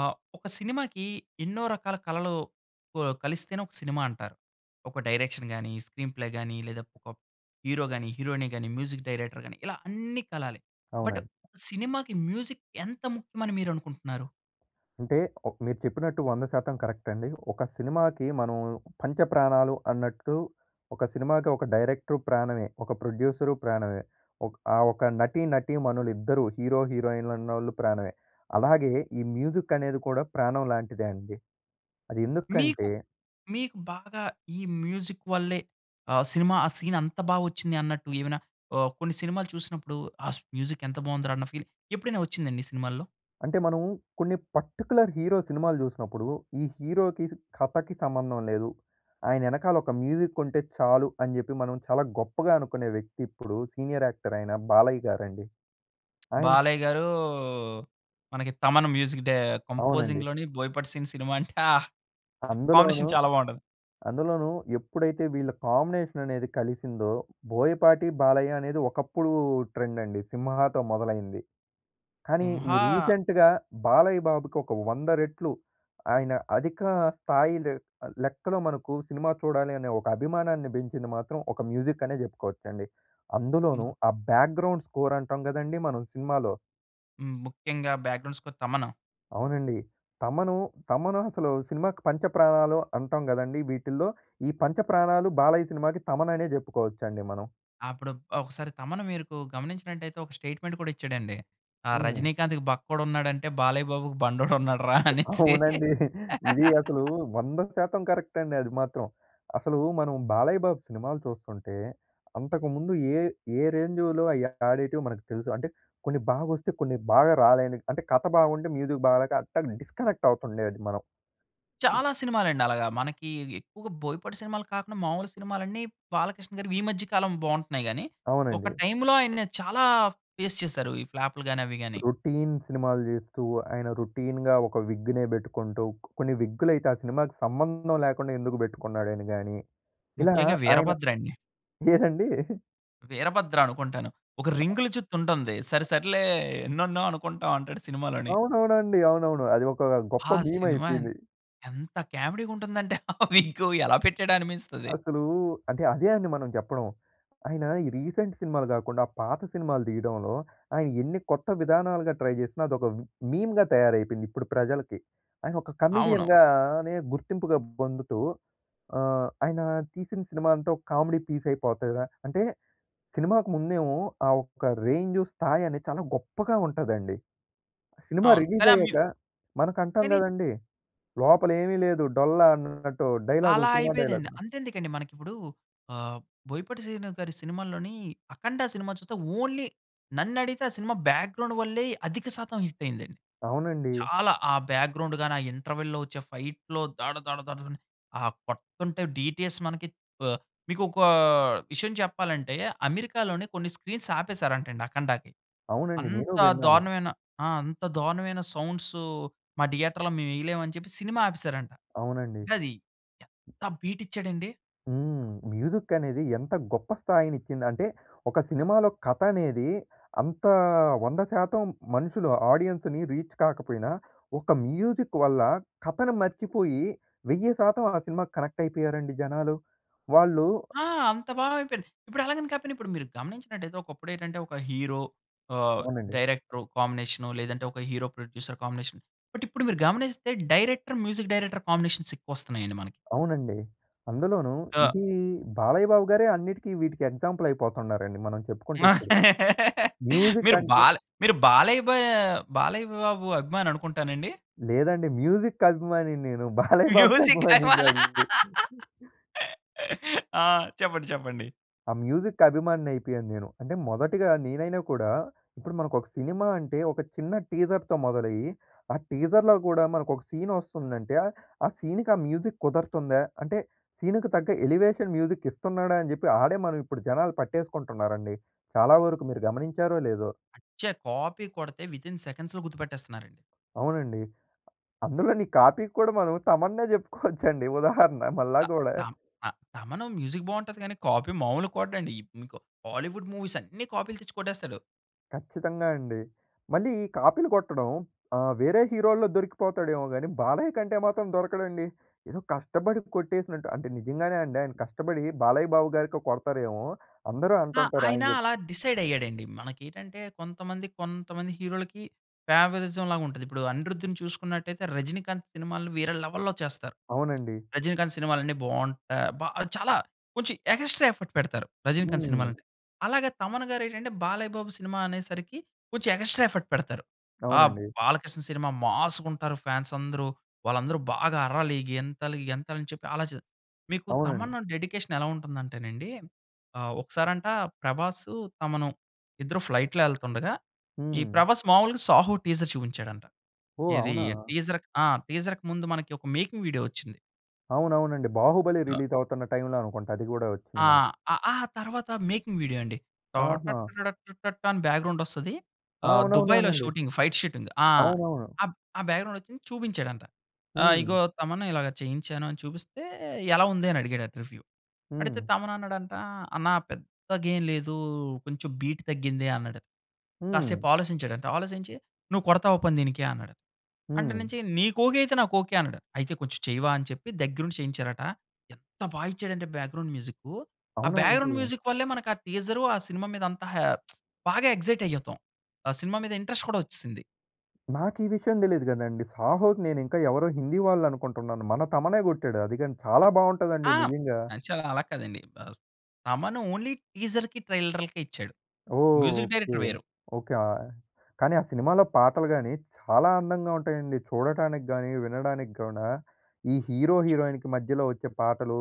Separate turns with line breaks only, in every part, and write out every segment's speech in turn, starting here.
ఆహ్, ఒక సినిమాకి ఎన్నో రకాల కళలు కు ఆహ్, కలిస్తేనే ఒక సినిమా అంటారు. ఒక డైరెక్షన్ గాని, స్క్రీన్‌ప్లే గాని లేదా ఒక ప్ హీరో గాని, హీరోయిన్ గాని, మ్యూజిక్ డైరెక్టర్ గాని ఇలా అన్నీ కలాలి. బట్,
అవునండి.
సినిమాకి మ్యూజిక్ ఎంత ముఖ్యం అని మీరనుకుంటున్నారు?
అంటే, ఒ మీరు చెప్పినట్టు 100% కరెక్ట్ అండి. ఒక సినిమాకి మనం పంచప్రాణాలు అన్నట్టు, ఒక సినిమాకి ఒక డైరెక్టర్ ప్రాణమే, ఒక ప్రొడ్యూసరు ప్రాణమే, ఒక ఆహ్, ఒక నటి నటీమణులు ఇద్దరూ హీరో, హీరోయిన్ ఉన్నోళ్ళు ప్రాణమే, అలాగే ఈ మ్యూజిక్ అనేది కూడా ప్రాణంలాంటిదే అండి. అది
మీకు,
ఎందుకంటే
మీకు బాగా ఈ మ్యూజిక్ వల్లే ఆహ్, సినిమా ఆ సీన్ అంత బాగా వచ్చింది అన్నట్టు ఏమైనా ఆహ్, కొన్ని సినిమాలు చూసినప్పుడు, ఆ మ్యూజిక్ ఎంత బాగుందిరా అన్న ఫీల్ ఎప్పుడైనా వచ్చిందా అండి సినిమాల్లో?
అంటే మనము కొన్ని పర్టిక్యులర్ హీరో సినిమాలు చూసినప్పుడు, ఈ హీరోకి, కథకి సంబంధం లేదు. ఆయన వెనకాల ఒక మ్యూజిక్ ఉంటే చాలు, అని చెప్పి మనం చాలా గొప్పగా అనుకునే వ్యక్తి ఇప్పుడు సీనియర్ యాక్టర్ అయిన బాలయ్య గారండి. ఆయన
బాలయ్య గారు, మనకి తమన్ మ్యూజిక్ డై
అవునండి.
కంపోజింగ్‌లోని బోయపాటి సీను సినిమా అంటే, ఆహ్!
అందులోనూ
కాంబినేషన్ చాలా బాగుంటది.
అందులోనూ ఎప్పుడైతే వీళ్ళ కాంబినేషన్ అనేది కలిసిందో బోయపాటి, బాలయ్య అనేది ఒకప్పుడు ట్రెండ్ అండి 'సింహా'తో మొదలైంది. కానీ, ఈ
'సింహా'
రీసెంట్‌గా బాలయ్య బాబుకి ఒక, 100 రెట్లు ఆయన అధిక స్థాయి లె లెక్కలో మనకు సినిమా చూడాలి అనే ఒక అభిమానాన్ని పెంచింది మాత్రం ఒక మ్యూజిక్ అనే చెప్పుకోవచ్చండి.
హ్మ్.
అందులోనూ, ఆ బ్యాక్‌గ్రౌండ్ స్కోర్ అంటాం కదండీ మనం సినిమాలో.
హ్మ్, ముఖ్యంగా బ్యాక్‌గ్రౌండ్ స్కోర్‌ తమను.
అవునండి తమను, తమను అసలు సినిమాకి పంచప్రాణాలు అంటాం కదండీ! వీటిల్లో ఈ పంచప్రాణాలు బాలయ్య సినిమాకి తమన్ అనే చెప్పుకోవచ్చండి మనం.
అప్పుడు ఒకసారి తమన్, మీరుకు గమనించినట్లయితే ఒక స్టేట్మెంట్ కూడా ఇచ్చాడండి. "ఆ
హ్మ్.
రజినీకాంత్‌కి బక్కోడు ఉన్నాడంటే, బాలయ్య బాబుకి బండోడు ఉన్నాడు రా" అనేసి.
అవునండి. ఇది అసలు 100% కరెక్ట్ అండి అది మాత్రం. అసలు మనం బాలయ్య బాబు సినిమాలు చూస్తుంటే, అంతకుముందు ఏ ఏ రేంజ్‌లో అయి ఆడేటివి మనకు తెలుసు. అంటే కొన్ని బాగా వస్తే, కొన్ని బాగా రాలేనివి. అంటే కథ బాగుంటే, మ్యూజిక్ బాగాలేక అట్లా డిస్కనెక్ట్ అవుతుండేది మనం.
చాలా సినిమాలండి. అలాగా మనకి ఎక్కువగా బోయపాటి సినిమాలు కాకుండా, మామూలు సినిమాలన్నీ బాలకృష్ణగారు ఈ మధ్య కాలం బాగుంటున్నాయి గాని, ఒక
అవునండి.
టైమ్‌లో ఆయన్ని చాలా ఫేస్ చేసారు ఈ ఫ్లాప్‌లు గాని, అవి గాని.
రొటీన్ సినిమాలు చేస్తూ, ఆయన రొటీన్‌గా ఒక విగ్‌నే పెట్టుకుంటూ, కొన్ని విగ్గులైతే ఆ సినిమాకి సంబంధం లేకుండా ఎందుకు పెట్టుకున్నాడు అని గాని. ఇలా
ముఖ్యంగా
ఆయన
'వీరభద్ర' అండి.
ఏదండి?
'వీరభద్ర' అనుకుంటాను. ఒక రింగుల జుత్తు ఉంటుంది. "సరే సరేలే ఎన్నోన్నో అనుకుంటాం" అంటాడు సినిమాలోని.
అవునవునండి. అవునవును. అది ఒక గొప్ప
ఆ
మీమ్
సినిమా
అయిపోయింది.
ఎంత క్యామెడీగా ఉంటుందంటే ఆ విగ్గు ఎలా పెట్టాడా అనిపిస్తది.
అసలు, అంటే అదే అని మనం చెప్పడం. ఆయన ఈ రీసెంట్ సినిమాలు కాకుండా, పాత సినిమాలు తీయడంలో ఆయన ఎన్ని కొత్త విధానాలుగా ట్రై చేసినా, అదొక మీమ్‌గా తయారైపోయింది ఇప్పుడు ప్రజలకి. ఆయన ఒక
అవును.
కమెడియన్‌గానే గుర్తింపుగా పొందుతూ ఆహ్, ఆయన తీసిన సినిమా అంతా ఒక కామెడీ పీస్ అయిపోతది. అంటే సినిమాకు ముందేమో ఆ ఒక్క రేంజ్ స్థాయి అనేది చాలా గొప్పగా ఉంటదండి. సినిమా
అవును.
రిలీజ్
కానీ ఆ మ్యు
అయ్యాక, మనకంటాం
కానీ
కదండీ! లోపల ఏమీ లేదు డొల్ల అన్నట్టు డైలాగులు,
అలా
సినిమా
అయిపోయేదండి.
డైలాగ్‌లు.
అంతెందుకండి మనకి ఇప్పుడు ఆహ్, బోయపాటి శ్రీను గారి సినిమాల్లోని 'అఖండ' సినిమా చూస్తే ఓన్లీ నన్ను అడిగితే ఆ సినిమా బ్యాక్‌గ్రౌండ్ వల్లే అధిక శాతం హిట్ అయిందండి.
అవునండి.
చాలా ఆ బ్యాక్‌గ్రౌండ్ గాని, ఆ ఇంటర్వల్‌లో వచ్చే ఫైట్‌లో దాడ దాడ దాడ ఆ కొడతంటే డీటీఎస్ మనకి ఆహ్, మీకు ఒక విషయం చెప్పాలంటే, అమెరికాలోని కొన్ని స్క్రీన్స్ ఆపేసారంట అండి 'అఖండ'కి.
అవునండి, నేనూ
అంత
విన్నాను.
దారుణమైన ఆ! అంత దారుణమైన సౌండ్స్ మా థియేటర్‌లో మేము వేయలేమని చెప్పి సినిమా ఆపేసారంట.
అవునండి.
అంటే అది ఎంత బీట్ ఇచ్చాడండి.
హ్మ్. మ్యూజిక్ అనేది ఎంత గొప్ప స్థాయినిచ్చిందంటే, ఒక సినిమాలో కథ అనేది అంత 100% మనుషులు ఆడియన్స్‌ని రీచ్ కాకపోయినా, ఒక మ్యూజిక్ వల్ల, కథను మర్చిపోయి 1000% ఆ సినిమాకి కనెక్టయిపోయారండి జనాలు. వాళ్ళు
ఆ! అంత బాగా అయిపోయింది. ఇప్పుడు అలాగని కాకపోయినా, ఇప్పుడు మీరు గమనించినట్లైతే ఒకప్పుడేటంటే ఒక హీరో, ఆహ్,
అవునండి.
డైరెక్టరు కాంబినేషను లేదంటే, ఒక హీరో ప్రొడ్యూసర్ కాంబినేషన్. బట్, ఇప్పుడు మీరు గమనిస్తే డైరెక్టర్, మ్యూజిక్ డైరెక్టర్ కాంబినేషన్స ఎక్కువస్తున్నాయండి మనకి.
అవునండి. అందులోనూ
అ!
ఇది బాలయ్య బాబు గారే అన్నిటికి, వీటికి ఎగ్జాంపులయిపోతున్నారండి, మనం చెప్పుకుంటే ఇప్పుడు. మ్యూజిక్
మీరు
అంటే
బాల మీరు బాలయ్ బా బాలయ్య బాబు అభిమాని అనుకుంటానండి?
లేదండి. మ్యూజిక్ అభిమాని నేను. బాలయ్య బాబుకి
మ్యూజిక్ అభిమానా!
అభిమానినిగాదు.
ఆ! చెప్పండి. చెప్పండి.
ఆ మ్యూజిక్ అభిమానినయిపోయాను నేను. అంటే మొదటిగా నేనైనా కూడా, ఇప్పుడు మనకొక సినిమా అంటే, ఒక చిన్న టీజర్‌తో మొదలయ్యి ఆ టీజర్‌లో గూడా మనకొక సీనొస్తుందంటే ఆ సీన్‌కి ఆ మ్యూజిక్ కుదరుతుందా, అంటే, సీనుకు తగ్గ ఎలివేషన్ మ్యూజిక్ ఇస్తున్నాడా, అని చెప్పి ఆడే మనం ఇప్పుడు జనాలు పట్టేసుకుంటున్నారండి. చాలా వరకు మీరు గమనించారో లేదో!
అచ్చ! కాపీ కొడితే, వితిన్ సెకండ్స్‌లో గుర్తుపెట్టేస్తున్నారండి.
అవునండి. అందులోని కాపీ కూడా, మనం తమన్నే చెప్పుకోవచ్చండి ఉదాహరణ మళ్ళా
త
గూడా.
తా త తమను మ్యూజిక్ బావుంటది గానీ, కాపీ మావులు కొట్టడండి. ఈప్ మీకు బాలీవుడ్ మూవీసన్ని కాపీలు తెచ్చి కొట్టేస్తాడు.
ఖచ్చితంగా అండి. మళ్ళీ ఈ కాపీలు కొట్టడం, ఆహ్, వేరే హీరోల్లో దొరికిపోతాడేమో గాని, బాలయ్య కంటే మాత్రం దొరకడండి. ఏదో కష్టపడి కొట్టేసినట్టు అంటే నిజంగానే అండి. ఆయన కష్టపడి బాలయ్య బాబు గారికే కొడతారేమో, అందరూ
ఆ!
అంటుంటారు, ఆయన
ఆయన
చెప్
అలా డిసైడ్ అయ్యాడండి. మనకి ఏంటంటే, కొంతమంది, కొంతమంది హీరోలకి ఫేవరిజంలాగా ఉంటది. ఇప్పుడు 'అనిరుద్ధిన్' చూసుకున్నట్లయితే, 'రజనీకాంత్' సినిమాలను వేరే లెవెల్‌లో చేస్తారు.
అవునండి.
రజినీకాంత్ సినిమాలు అన్ని బాగుంటాయి, బా చాలా కొంచెం ఎగాస్ట్రా ఎఫర్ట్ పెడతారు 'రజినీకాంత్' సినిమాలు
హ్మ్.
అంటే. అలాగే 'తమన్' గారు ఏంటంటే, 'బాలయ్య బాబు' సినిమా అనేసరికి కొంచెం ఎగా‌స్ట్రా ఎఫర్ట్ పెడతారు. ఆ
అవునండి.
'బాలకృష్ణ' సినిమా మాస్‌గా ఉంటారు, ఫ్యాన్స్ అందరూ, వాళ్ళందరూ బాగా అర్రాలి, గెంతాలి గెంతాలి అని చెప్పి ఆలచే మీకు
అవునండి.
తమన్ డెడికేషన్ ఎలా ఉంటుంది అంటేనండి, ఆహ్, ఒకసారంటా 'ప్రభాస్,' 'తమను' ఇద్దరు ఫ్లైట్‌లో వెళ్తుండగా ఈ
హ్మ్.
'ప్రభాస్' మామూలుగా 'సాహో' టీజర్ చూపించాడంట.
ఓహ్!
ఏది
అవునా?
టీజర్ ఆ! టీజర్‌కి ముందు, మనకి ఒక మేకింగ్ వీడియో వచ్చింది.
అవునవునండి. బాహుబలి రిలీజ్ అవుతున్న టైమ్‌లో అనుకుంటా. అది గూడా
ఆ!
వచ్చింది మనకు.
ఆహ్, తర్వాత మేకింగ్ వీడియో అండి. టా
ఆహా!
టటరడటం టాటాం అని బ్యాక్‌గ్రౌండ్ వస్తది.
ఆ!
ఆహ్, దుబాయ్‌లో
అవునవునవునండి.
షూటింగ్, ఫైట్ షూటింగ్ ఆ!
అవునవును.
ఆ బ్యాక్‌గ్రౌండ్ వచ్చింది చూపించాడంట.
హ్మ్.
"ఇగో తమన్ ఇలాగా చేయించాను అని చూపిస్తే ఎలా ఉంది" అని అడిగాడట, రివ్యూ. అడిగితే,
హ్మ్.
తమన్ అన్నాడంట "అన్నా పెద్దగా ఏం లేదు, కొంచెం బీట్ తగ్గింది" అన్నాడట.
హ్మ్.
కాసేపు ఆలోచించాడంట, ఆలోచించి "నువ్వు కొడతావా పోనీ దీనికి" అన్నాడు. అంటే
హ్మ్.
నుంచి "నీకు ఓకే అయితే, నాకు ఓకే." అన్నాడు. అయితే "కొంచెం చెయ్యవా" అని చెప్పి దగ్గర ఉండి చేయించారట. ఎంత బాగా ఇచ్చాడు అంటే, బ్యాక్‌గ్రౌండ్ మ్యూజిక్, ఆ
అవునా
బ్యాక్‌గ్రౌండ్
అండి?
మ్యూజిక్ వల్లే, మనకు ఆ టీజర్, ఆ సినిమా మీద అంతా హా! బాగా ఎగ్జైట్ అయితాం, ఆ సినిమా మీద ఇంట్రెస్ట్ కూడా వచ్చేసింది.
నాకు ఈ విషయం తెలీదు కదండీ! 'సాహో'కి నేను ఇంకా ఎవరో హిందీ వాళ్ళు అనుకుంటున్నాను. మన తమనే కొట్టాడు. అది కాని చాలా బాగుంటదండి,
ఆ!
నిజంగా.
యాక్చువల్‌‌గ అలా కాదండి. బా తమన్ ఓన్లీ టీజర్‌కి, ట్రైలర్‌‌‌‌‌లకే ఇచ్చాడు. Music
okay.
డైరెక్టర్ వేరు.
ఓకే. ఆహ్, కానీ ఆ సినిమాలో పాటలు గాని, చాలా అందంగా ఉంటాయండి. చూడటానికి గాని, వినడానికి గూడ ఈ హీరో, హీరోయిన్‌కి మధ్యలో వచ్చే పాటలు,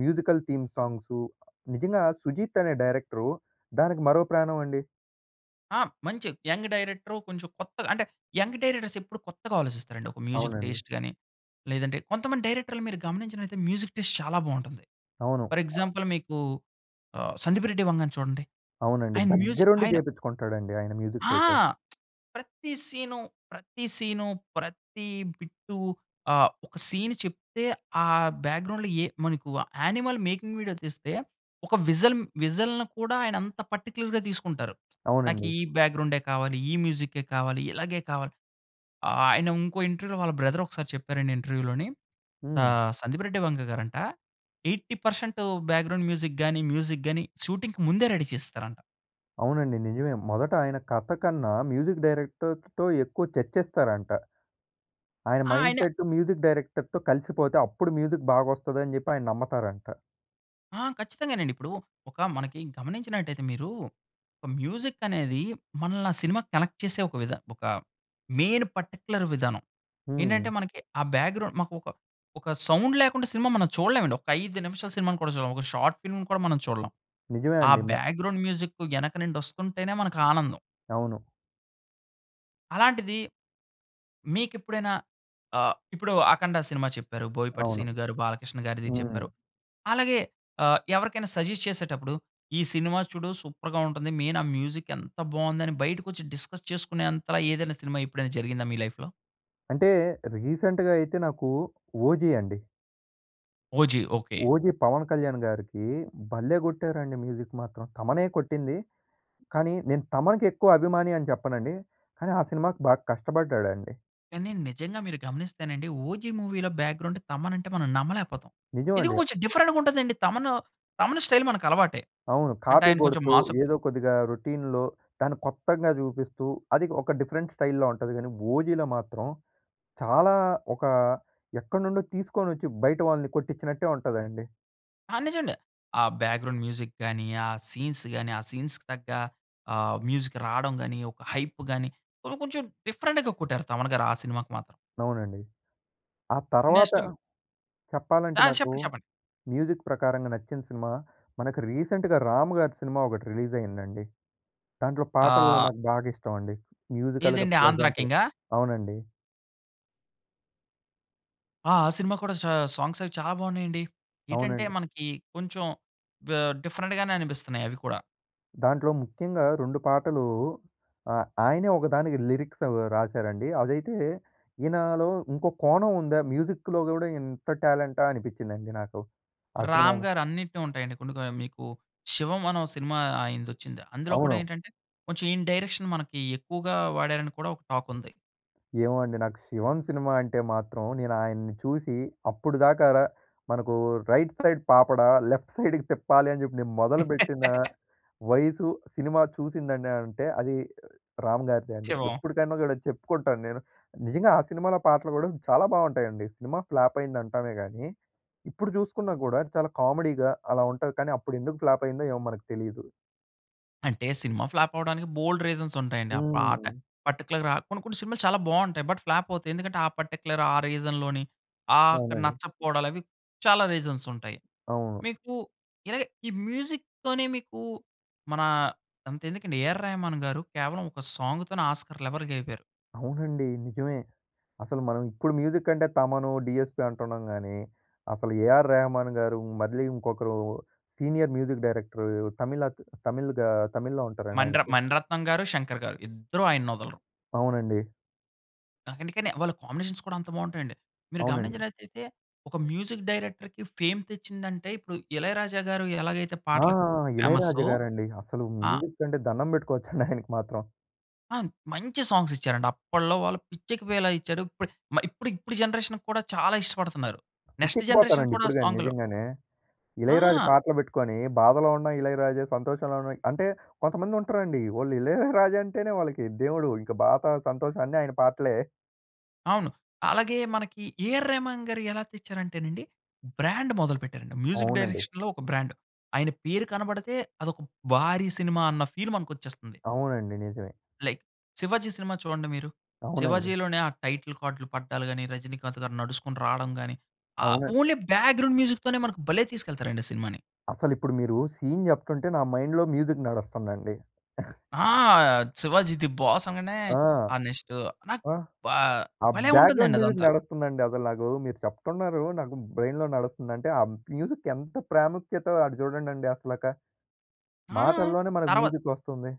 మ్యూజికల్ థీమ్ సాంగ్స్ నిజంగా సుజిత్ అనే డైరెక్టరు, దానికి మరో ప్రాణం అండి.
ఆ! మంచి యంగ్ డైరెక్టరు, కొంచెం కొత్తగా అంటే యంగ్ డైరెక్టర్స్ ఎప్పుడూ కొత్తగా ఆలోచిస్తారండి. ఒక మ్యూజిక్
అవునండి.
టేస్ట్‌‌‌‌‌‌‌‌ గాని, లేదంటే కొంతమంది డైరెక్టర్‌‌‌‌‌‌లని మీరు గమనించినట్లైతే, మ్యూజిక్ టేస్ట్ చాలా బాగుంటుంది.
అవును.
ఫర్ ఎక్సాంపుల్ మీకు ఆహ్! సందీప్ రెడ్డి వంగా‌‌‌‌‌‌‌‌‌‌ను చూడండి.
అవునండి.
ఆయన మ్యూజిక్
దగ్గరుండి
ఆయన
చేపించుకుంటాడండి ఆయన మ్యూజిక్
ఆ!
అయితే.
ప్రతీ సీను ప్రతీ సీను, ప్రతీ బిట్టు ఆహ్, ఒక సీన్ చెప్తే ఆ బ్యాక్‌గ్రౌండ్‌లో ఏ మనకు యానిమల్ మేకింగ్ వీడియో తీస్తే, ఒక విజల్ విజల్‌ని కూడా ఆయన అంత పర్టిక్యులర్‌గా తీసుకుంటారు. నాకు
అవునండి.
ఈ బ్యాక్‌గ్రౌండే కావాలి, ఈ మ్యూజిక్కే కావాలి ఇలాగే కావాలి. ఆయన ఇంకో ఇంటర్వ్యూలో వాళ్ళ బ్రదర్ ఒకసారి చెప్పారండి ఇంటర్వ్యూలోని
హ్మ్.
ఆహ్! సందీప్ రెడ్డి వంగా గారంట 80 పర్సెంట్ బ్యాక్‌గ్రౌండ్ మ్యూజిక్, గాని, మ్యూజిక్ గాని షూటింగ్‌కి ముందే రెడీ చేస్తారంట.
అవునండి. నిజమే. మొదట ఆయన కథ కన్నా మ్యూజిక్ డైరెక్టర్‌తతో ఎక్కువ చర్చిస్తారంట. ఆయన
ఆ! ఆయన
మైండ్‌సెట్టు మ్యూజిక్ డైరెక్టర్‌తో కలిసిపోతే, అప్పుడు మ్యూజిక్ బాగొస్తదని జెప్పి ఆయన నమ్మతారంట
ఆ! ఖచ్చితంగానండి. ఇప్పుడూ ఒక మనకి గమనించినట్టయితే మీరూ, ఒక మ్యూజిక్కనేదీ, మనల్ని ఆ సినిమాకి కనెక్ట్ చేసే ఒక విధ ఒక మెయిన్ పర్టిక్యులర్ విధానం.
హ్మ్.
ఏంటంటే, మనకి ఆ బ్యాక్‌గ్రౌండ్ మాకు ఒక ఒక సౌండ్ లేకుండా సినిమా మనం చూడలేమండి. ఒక్క 5 నిమిషాల సినిమాను కూడా చూడం. ఒక షార్ట్ ఫిల్మ్‌ని కూడా మనం చూడలం.
నిజమే
ఆ
అండి. మ
బ్యాక్‌గ్రౌండ్ మ్యూజిక్కు యెనక నుండొస్తుంటేనే మనకానందం.
అవును.
అలాంటిదీ, మీకిప్పుడైనా ఆహ్, ఇప్పుడు 'అఖండ' సినిమా చెప్పారు. 'బోయపాటి
అవును.
శ్రీను'గారు, 'బాలకృష్ణ'గారిది
హ్మ్.
చెప్పారు. అలాగే, ఆహ్, ఎవరికైనా సజెస్ట్ చేసేటప్పుడు, ఈ సినిమా చూడు సూపర్‌గా ఉంటుంది. మెయినా మ్యూజిక్ ఎంత బావుందని బయటకొచ్చి డిస్కస్ చేసుకునేంతలా ఏదైనా సినిమా ఎప్పుడైనా జరిగిందా మీ లైఫ్‌లో?
అంటే, రీసెంట్‍గా అయితే నాకు, 'ఓజీ' అండి.
'OG.' Okay.
'OG' 'Pawan Kalyan‌‌‌‌‌‌‌' గారికీ భల్లే గొట్టారండి మ్యూజిక్ మాత్రం. థమనే కొట్టింది, కానీ నేను 'థమన్‌'కి ఎక్కువ అభిమాని అని చెప్పనండి, కానీ ఆ సినిమా‌కి బాగా కష్టబడ్డాడండి.
కాని నిజంగా మీరు గమనిస్తేనండి 'ఓజి' మూవీలో బ్యాక్‌గ్రౌండ్ తమన్ అంటే మనం నమ్మలేపోతాం. ఎందుకో
నిజమండి.
కొంచెం డిఫరెంట్‌గా ఉంటది అండి తమను, తమన్ స్టైల్ మనకలవాటే.
అవును.
అంటే
కాపీ
ఆయన కొంచెం
కొడుతూ
మాస్
ఏదో కొద్దిగా రొటీన్‌లో దాన్ని కొత్తంగా చూపిస్తూ అది ఒక డిఫరెంట్ స్టైల్‌లో ఉంటది. కానీ ఓజీలో మాత్రం చాలా ఒక ఎక్కడినుండో తీసుకొచ్చి, బయట వాళ్ళని కొట్టించినట్టే ఉంటదండి.
ఆ! నిజమండి. ఆ బ్యాక్‌గ్రౌండ్ మ్యూజిక్‌ గాని, ఆ సీన్స్‌ గాని, ఆ సీన్స్‌కి తగ్గ ఆహ్, మ్యూజిక్ రావడం గాని, ఒక హైప్‌ గాని కొను కొంచం డిఫరెంట్‌గా కొట్టారు తమన్ గారు ఆ సినిమాకి మాత్రం.
అవునండి. ఆ తర్వాత
నెక్స్ట్
చెప్పాలంటే
ఆ!
నాకు
చెప్పండి చెప్పండి.
మ్యూజిక్ ప్రకారంగా నచ్చిన సినిమా మనకు రీసెంట్‌గా రామ్ గారి సినిమా ఒకటి రిలీజ్ అయిందండి. దాంట్లో పాటలు
ఆ!
నాకు బాగా ఇష్టమండి. మ్యూజికల్‌గా
ఏదండి
ప్లెజెంట్‌
ఆంధ్రకింగా?
అవునండి.
ఆ! ఆ సినిమా కూడా సా సాంగ్స్ అవి చాలా బాగున్నాయండి. ఏటంటే
అవునండి.
మనకి కొంచెం ఆహ్, డిఫరెంట్‌గానే అనిపిస్తున్నాయి అవి కూడా.
దాంట్లో ముఖ్యంగా 2 పాటలు ఆహ్, ఆయనే ఒకదానికి లిరిక్స్ అవి రాసారండి. అదైతే, ఈయనలో ఇంకో కోణం ఉందా? మ్యూజిక్‌లో కూడా ఇంత టాలెంటా అనిపించిందండి నాకు. ఆ
రామ్
సినిమాలో
గారు అన్నిటిని ఉంటాయండి కొన్నికా మీకు 'శివం' అనే ఓ సినిమా ఆయనదొచ్చింది. అందులో కూడా
అవును.
ఏంటంటే కొంచెం ఈయన డైరెక్షన్ మనకి ఎక్కువగా వాడారని కూడా ఒక టాక్ ఉంది.
ఏమో అండి. నాకు శివం సినిమా అంటే మాత్రం నేను ఆయన్ని చూసి అప్పుడుదాకా రా మనకు రైట్ సైడ్ పాపడ, లెఫ్ట్ సైడ్‌కి తిప్పాలని చెప్పి, నేను మొదలుపెట్టిన వయసు, సినిమా చూసిందండి అంటే అది రా రామ్ గారిదే అండి.
శివం.
ఎప్పటికైనా కూడా చెప్పుకుంటాను నేను. నిజంగా ఆ సినిమాలో పాటలు కూడా చాలా బాగుంటాయండి. సినిమా ఫ్లాప్ అయిందంటామే కానీ ఇప్పుడు చూసుకున్నా కూడా చాలా కామెడీగా అలా ఉంటది. కానీ అప్పుడు ఎందుకు ఫ్లాప్ అయిందో ఏమో! మనకు తెలీదు.
అంటే సినిమా ఫ్లాప్ అవ్వడానికి బోలెడు రీజన్స్ ఉంటాయండి. ఆ పాట
హ్మ్.
పర్టిక్యులర్‌గా కొన్ని కొన్ని సినిమాలు చాలా బాగుంటాయి. బట్ ఫ్లాప్ అవుతాయి. ఎందుకంటే ఆ పర్టిక్యులర్ ఆ రీజన్‌లోని ఆహ్, అక్కడ
అవునండి.
నచ్చకపోవడాలు అవి చాలా రీజన్స్ ఉంటాయి.
అవును.
మీకు ఇలాగే ఈ మ్యూజిక్‌తోనే మీకు మన అంతెందుకండి ఏఆర్ రెహమాన్ గారు కేవలం ఒక సాంగ్‌తోనే ఆస్కార్ లెవెర్ కెలిపోయారు.
అవునండి. నిజమే. అసలు మనం ఇప్పుడు మ్యూజిక్ అంటే 'తమను', 'డీఎస్పీ' అంటున్నాం గాని, అసలు 'ఏఆర్ రెహమాన్ గారు' మళ్ళీ ఇంకొకరు సీనియర్ మ్యూజిక్ డైరెక్టర్ తమిళత్ తమిల్‌గా తమిళ్లో
మణిర
ఉంటారండాయనకి
మణిరత్నం గారు, శంకర్ గారు ఇద్దరూ ఆయన్నొదలరు.
అవునండి.
అ అందుకనే వాళ్ళ కాంబినేషన్ కూడా అంత బావుంటాయండి. మీరు
అవునండి.
గమనించినట్లయితే ఒక మ్యూజిక్ డైరెక్టర్‌కి ఫేమ్ తెచ్చిందంటే ఇప్పుడు 'ఇళయరాజా' గారు ఎలాగైతే
ఆ!
పాటలకు ఫేమస్సో,
'ఇళయరాజా' గారండి. అసలు
ఆహ్
మ్యూజిక్ అంటే దండం పెట్టుకోవచ్చండి ఆయనకి మాత్రం.
ఆ! మంచి సాంగ్స్ ఇచ్చారండి. అప్పడ్లో వాళ్ళు పిచ్చెక్కిపోయేలా ఇచ్చాడు. ఇప్పుడు మ ఇప్పుడు, ఇప్పుడు జనరేషన్‌కి కూడా చాలా ఇష్టపడుతున్నారు. నెక్స్ట్ జనరేషన్
పిచ్చెక్కిపోతారండి
కూడా
ఇప్పుడు గాని
సాంగ్‌లో
నిజంగానే. 'ఇళయరాజా'
ఆ!
పాటలు బెట్టుకొని బాధలో ఉన్నా 'ఇళయరాజా', సంతోషంలో ఉన్నా అంటే కొంతమంది ఉంటారండి, వోళ్లు 'ఇళయరాజా' అంటేనే వాళ్ళకి దేవుడు. ఇంక బాధ, సంతోషం అన్ని ఆయన పాటలే.
అవును. అలాగే మనకి 'ఏఆర్ రెహమాన్' గారు ఎలా తెచ్చారంటేనండి. బ్రాండ్ మొదలు పెట్టారండి. మ్యూజిక్
అవునండి.
డైరెక్షన్‌లో ఒక బ్రాండ్. ఆయన పేరు కనబడితే, అదొక భారీ సినిమా అన్న ఫీల్ మనకొచ్చేస్తుంది.
అవునండి, నిజమే.
లైక్ 'శివాజీ' సినిమా చూడండి మీరు.
అవునండి.
'శివాజీ'లోనే ఆ టైటిల్ కార్డ్‌లు పడ్డాలు గాని 'రజినీకాంత్' గారు నడుచుకుంటూ రాడం గాని. ఆహ్,
అవును.
ఓన్లీ బ్యాక్గ్రౌండ్ మ్యూజిక్‌తోనే మనకు భలే తీసుకెళ్తారండి, ఆ సినిమాని.
అసలిప్పుడు మీరు సీన్ జెప్తుంటే, నా మైండ్‌లో మ్యూజిక్ నడుస్తుందండి.
ఆ! 'శివాజీ ది బాస్' అనగానే.
ఆ!
ఆ నెక్స్టు నాకు
ఆహ్,
బా
ఆ
భలే
బ్యాక్గ్రౌండ్
ఉంటుందండి
మ్యూజిక్
అదంతా.
నడుస్తుందండి అసలు నాకు. మీరు చెప్తున్నారు, నాకు బ్రెయిన్‌లో నడుస్తుందంటే ఆ మ్యూజిక్ ఎంత ప్రాముఖ్యతో అటు చూడండండి అసలక.
ఆ!
మాటల్లోనే మనకు
తర్వా
మ్యూజిక్ ఒస్తుంది.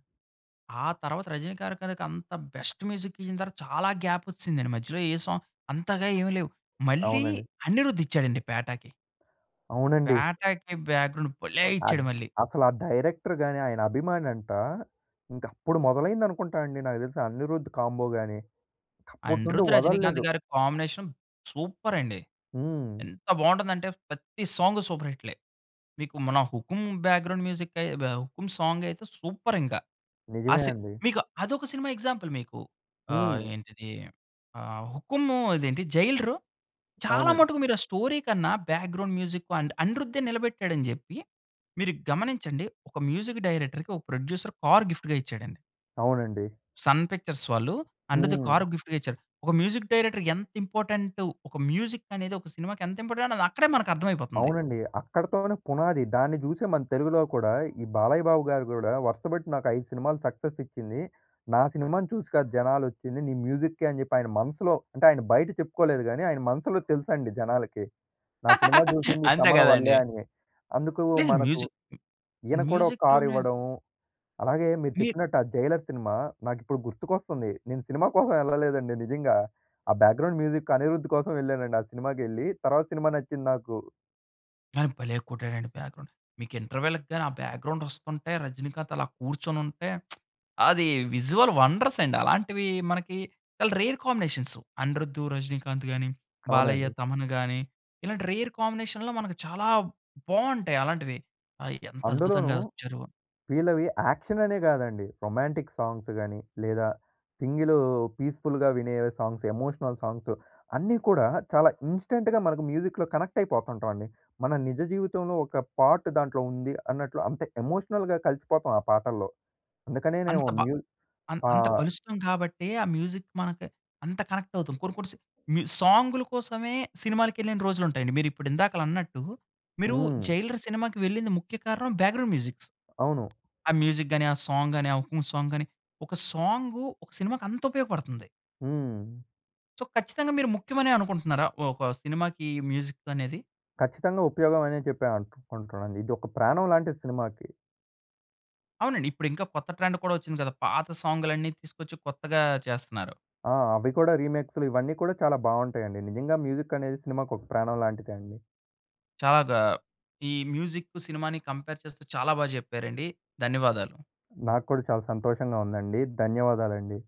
ఆ తర్వాత రజినీకాంత్ గారి కనుక, అంత బెస్ట్ మ్యూజిక్ ఇచ్చిన తర్వాత చాలా గ్యాప్ వచ్చిసిదండి. మధ్యలో ఏ సాంగ్ అంతగా ఏమి లేవు. మళ్ళీ
అవునండి.
అనిరుద్ ఇచ్చాడండి 'పేటా'కి.
అవునండి.
'పేటా'కి బ్యాగ్రౌండ్ భలే
ఆహ్,
ఇచ్చాడు మళ్ళీ.
అసలు ఆ డైరెక్టర్ గాని, ఆయన అభిమాని అంట. ఇంక అప్పుడు మొదలైంది అనుకుంటానండి. నాకు తెలిసి అనిరుద్ కాంబో గాని. అప్పటినుండి
అనిరుద్, రజినీకాంత్
వదల్లేదు.
గారి కాంబినేషన్ సూపర్ అండి.
హ్మ్.
ఎంత బాగుంటుంది అంటే ప్రతి సాంగ్ సూపర్ హిట్‌లే. మీకు మన 'హుకుం' బ్యాగ్రౌండ్ మ్యూజికే వ 'హుకుం సాంగ్' అయితే సూపర్ ఇంక. ఆ
నిజమే
సిన్
అండి.
మీకు అదొక సినిమా ఎగ్జాంపుల్ మీకు. ఆహ్,
హ్మ్.
ఏంటిది? ఆహ్, 'హుకుం' ఇదేంటి 'జైలరు' చాలా
అవునండి.
మటుకు మీరు ఆ స్టోరీ కన్నా, బ్యాగ్రౌండ్ మ్యూజిక్ అండ్ అనిరుద్దే నిలబెట్టాడు అని జెప్పి, మీరు గమనించండి ఒక మ్యూజిక్ డైరెక్టర్‌కి, ఒక ప్రొడ్యూసర్ కార్ గిఫ్ట్‌గా ఇచ్చాడండి.
అవునండి.
'సన్ పిక్చర్స్' వాళ్ళు అనిరుద్‌కి కారు
హ్మ్.
గిఫ్ట్‌గా ఇచ్చారు. ఒక మ్యూజిక్ డైరెక్టర్ ఎంత ఇంపార్టెంటు. ఒక మ్యూజిక్ అనేది ఒక సినిమాకి ఎంత ఇంపార్టెంట్ అనేది, అది అక్కడే మనకు అర్థం అయిపోతుంది.
అవునండి. అక్కడితోనే పునాది. దాన్ని చూసి మన తెలుగులో కూడా, ఈ బాలయ్య బాబు గారు కూడా, "వరుస పెట్టి నాకు 5 సినిమాలు సక్సెస్ ఇచ్చింది. నా సినిమాను చూసి కాదు జనాలు వచ్చింది. నీ మ్యూజిక్‌‌కే" అని చెప్పి ఆయన మనసులో, అంటే ఆయన బయట చెప్పుకోలేదు కానీ, ఆయన మనసులో తెలుసండి జనాలకి. "నా సినిమా చూసింది
అంతే
తమన్ వల్లే"
కదండీ!
అని. అందుకు
లేదు.
మనకు
మ్యూజిక్
ఈయన‌ కూడా ఒక కార్
మ్యూజిక్‌లోనే
ఇవ్వడం. అలాగే మీరు
మీరు
చెప్పినట్టు ఆ 'జైలర్' సినిమా నాకు ఇప్పుడు గుర్తుకొస్తుంది. నేను సినిమా కోసం వెళ్ళలేదండి నిజంగా. ఆ బ్యాగ్రౌండ్ మ్యూజిక్ అనిరుద్ కోసం వెళ్ళానండి. ఆ సినిమాకెళ్ళి తర్వాత సినిమా నచ్చింది నాకు.
కానీ భలే కొట్టాడండి బ్యాక్‌గ్రౌండ్. మీకు ఇంటర్వెల్‌కి గాని ఆ బ్యాక్‌గ్రౌండ్ వస్తుంటే రజనీకాంత్ అలా కూర్చొనుంటే అది విజువల్ వండర్స్ అండి. అలాంటివి మనకి చాలా రేర్ కాంబినేషన్సు. అనిరుధ్, రజినీకాంత్ గాని, బాలయ్య
అవునండి.
,తమన్ గాని ఇలాంటి రేర్ కాంబినేషన్‌లో మనకు చాలా బావుంటాయి అలాంటివి. అవి ఎంత
అందులోనూ
అద్భుతంగా వచ్చారు.
వీళ్ళవి యాక్షన్ అనే కాదండి. రొమాంటిక్ సాంగ్స్ కాని లేదా సింగిల్ పీస్‌ఫుల్‌గా వినే సాంగ్స్, ఎమోషనల్ సాంగ్స్, అన్నీ కూడా చాలా ఇన్స్టంట్‌గా మనకు మ్యూజిక్‌లో కనెక్ట్ అయిపోతుంటాం అండి. మన నిజ జీవితంలో ఒక పార్ట్ దాంట్లో ఉంది అన్నట్లు అంటే ఎమోషనల్‍గా కలిసిపోతాం ఆ పాటల్లో.
అంత
అందుకనేనేమో
బా
మ్యూ
అం
పా
అంత కలుస్తాము కాబట్టే ఆ మ్యూజిక్ మనకు అంత కనెక్ట్ అవుతాం. కొన్ని, కొన్ని సా మీ సాంగ్‌ల కోసమే సినిమాలకెళ్ళిన రోజులు ఉంటాయండి. మీరు ఇప్పుడు ఇందాకల అన్నట్టు మీరు
హ్మ్.
'జైలర్' సినిమాకి వెళ్ళింది ముఖ్య కారణం బ్యాక్‌గ్రౌండ్ మ్యూజిక్స్.
అవును.
ఆ మ్యూజిక్ గాని, ఆ సాంగ్ గాని, ఆ 'హుకుం' సాంగ్ గాని, ఒక సాంగు ఒక సినిమాకి అంత ఉపయోగపడుతుంది.
హ్మ్.
సో, ఖచ్చితంగా మీరు ముఖ్యమనే అనుకుంటున్నారా? ఒక సినిమాకి మ్యూజిక్ అనేది?
ఖచ్చితంగా ఉపయోగమనే చెప్పా అనుకుంటున్నానండి. ఇది ఒక ప్రాణం లాంటిది సినిమాకి.
అవునండి. ఇప్పుడు ఇంకా కొత్త ట్రెండ్ కూడా వచ్చింది కదా! పాత సాంగ్‌లన్నీ తీసుకొచ్చి కొత్తగా చేస్తన్నారు.
ఆ! అవి కూడా రీమేక్స్‌లు ఇవన్నీ కూడా చాలా బావుంటాయండి. నిజంగా మ్యూజిక్ అనేది సినిమా‌కి ఒక ప్రాణం లాంటిదే అండి.
చాలా గా ఈ మ్యూజిక్ సినిమా‌ని కంపేర్ చేస్తూ చాలా బా చెప్పారండి. ధన్యవాదాలు.
నాకు కూడా చాలా సంతోషంగా ఉందండి. ధన్యవాదాలండి.